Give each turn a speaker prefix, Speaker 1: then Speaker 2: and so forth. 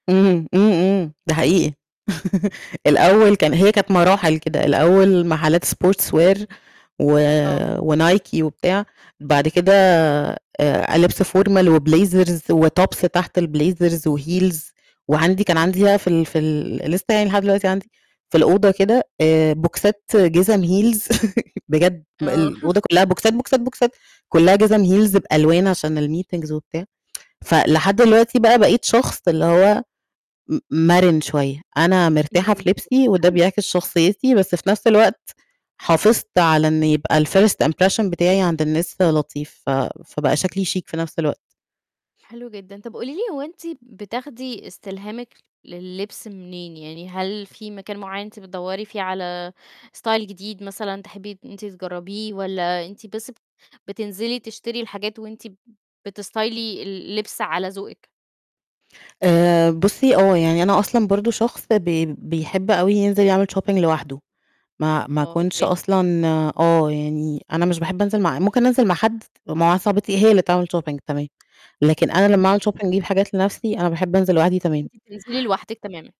Speaker 1: إمم، إمم، إمم ده حقيقي الأول كان هي كانت مراحل كده، الأول محلّات sports wear و
Speaker 2: آه.
Speaker 1: وNike وبتاع، بعد كده آآ لبس formal وblazers وtops تحت الblazers وheels، وعندي كان
Speaker 2: إمم.
Speaker 1: عندي بقى في ال في ال لسه يعني لحد دلوقتي عندي، في الأوضة كده، آآ، بوكسات جِزم heels بجد بال
Speaker 2: آه.
Speaker 1: الأوضه كُلّها بوكسات، بوكسات، بوكسات، كُلها جِزم heels بألوان عشان الmeetings وبتاع. فلحد الوقتي بقى بقيت شخص اللي هو م مَرِن شوية، أنا مرتاحة في
Speaker 2: إمم،
Speaker 1: لبسي وده
Speaker 2: حلو.
Speaker 1: بيعكس شخصيّتي، بس في نفْس الوقت حافظت على إن يبقى الfirst impression بتاعي عند الناس لطيف، ف فبقى شكلي chic في نفْس الوقت.
Speaker 2: حلو جدًا، طَب قُولي لِي هو أنتِ بتاخدي استلهامِك لللبس منين؟ يعني هل في مكان معيّن أنتِ بتدوّري فيه على style جديد مثلًا تحبّي إن أنتِ تجرّبيه، والّا أنتِ بس بتنزلي تشتري الحاجات وأنتِ بستايلي اللبس على ذوقِك؟
Speaker 1: آآ، بُصّي آه يعني أنا أصلًا برضه شخص بي بيحب أوي ينزل يعمل shopping لوحده، ما ما
Speaker 2: آه،
Speaker 1: اكونش
Speaker 2: أوكي.
Speaker 1: أصلًا آه، يعني أنا مش باحب أنزل مع ممكن أنزل مع حد، ومع واحدة صاحبتي هي اللي تعمل shopping تمام، لكن أنا لمّا أعمل
Speaker 2: إمم.
Speaker 1: shopping اجيب حاجات لنَفْسي، أنا باحب أنزل لوحدي تمام.
Speaker 2: فأنتِ بتنزلي لوحدِك تمامًا.